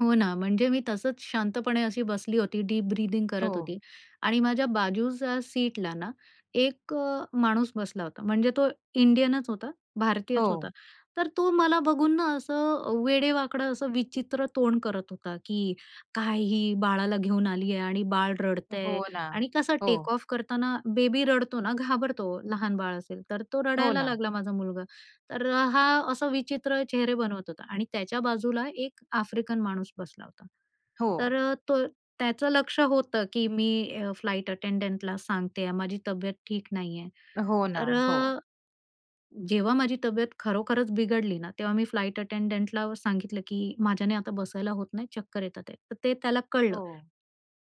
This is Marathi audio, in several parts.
हो ना, म्हणजे मी तसंच शांतपणे अशी बसली होती, डीप ब्रीथिंग करत हो. होती. आणि माझ्या बाजूच्या सीटला ना एक अ, माणूस बसला होता. म्हणजे तो इंडियनच होता, भारतीयच होता. हो. तर तो मला बघून ना असं अ, वेडे-वाकडं, असं विचित्र तोंड करत होता, की "काय ही बाळाला घेऊन आलीये आणि बाळ रडतंय" हो ना. आणि कसं टेक हो. ऑफ करताना बेबी रडतो ना, घाबरतो लहान बाळ असेल तर, तो हो रडायला ना. लागला माझा मुलगा. तर हा असं विचित्र चेहरे बनवत होता आणि त्याच्या बाजूला एक आफ्रिकन माणूस बसला होता. हो. तर अ, तो त्याचं लक्ष होतं, की मी अ फ्लाइट अटेंडंटला सांगत आहे, माझी तब्येत ठीक नाहीये. हो ना. तर हो. अ, जेव्हा माझी तब्येत खरोखरच बिघडली ना, तेव्हा मी फ्लाइट अटेंडंटला सांगितलं, की माझ्याने आता बसायला होत नाही, चक्कर येत आहेत. तर ते त्याला कळलं हो.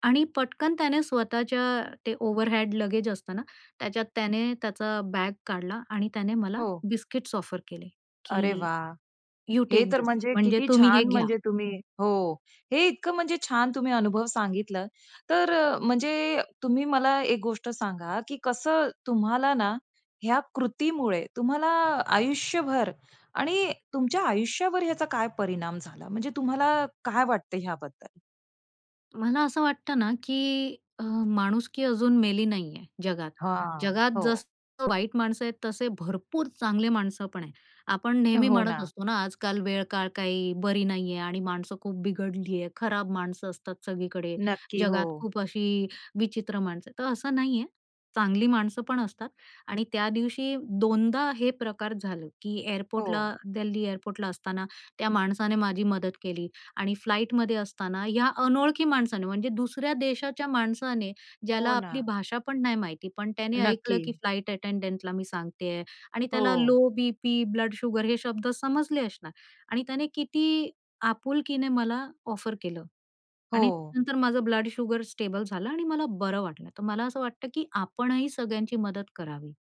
आणि पटकन त्याने स्वतःच्या ते ओव्हरहॅड लगेज असता ना, त्याच्यात त्याने त्याचा बॅग काढला आणि त्याने मला हो. बिस्किट्स ऑफर केले, अरे की वाह! यू हे टेक तर दिस. म्हणजे म्हणजे किती तुम्ही हे छान. घ्या. म्हणजे तुम्ही हो, हे इतकं म्हणजे छान तुम्ही अनुभव सांगितल. तर अ, म्हणजे अ, तुम्ही मला एक गोष्ट सांगा, की कसं तुम्हाला ना ह्या कृतीमुळे तुम्हाला आयुष्यभर आणि तुमच्या आयुष्यावर याचा काय परिणाम झाला म्हणजे तुम्हाला काय वाटतंय ह्याबद्दल? मला असं वाटतं ना, की अ, माणुसकी अजून मेली नाहीये जगात. हां, जगात हो. जसं वाईट माणसं आहेत, तसे भरपूर चांगले माणसं पण आहेत. आपण नेहमी हो म्हणत ना. असतो ना, आजकाल वेळ-काळ काही बरी नाहीये आणि माणसं खूप बिघडली आहे. खराब माणसं असतात सगळीकडे. नक्की. जगात हो. खूप अशी विचित्र माणसं आहेत, तर असं नाहीये, चांगली माणसं पण असतात. आणि त्या दिवशी 2दा हे प्रकार झालं, की एअरपोर्टला- हो. दिल्ली एअरपोर्टला असताना त्या माणसाने माझी मदत केली आणि फ्लाईटमध्ये असताना ह्या अनोळखी माणसाने, म्हणजे दुसऱ्या देशाच्या माणसाने, ज्याला हो आपली ना. भाषा पण नाही माहिती. पण त्याने ऐकलं, की नक्की. फ्लाइट अटेंडंटला मी सांगतेय आणि त्याला हो. लो बीपी, ब्लड शुगर हे शब्द समजले असणार आणि त्याने किती आपुलकीने मला ऑफर केलं आणि हो. नंतर माझं ब्लड शुगर स्टेबल झालं आणि मला बरं वाटलं. तर मला असं वाटतं, की आपणही सगळ्यांची मदत करावी.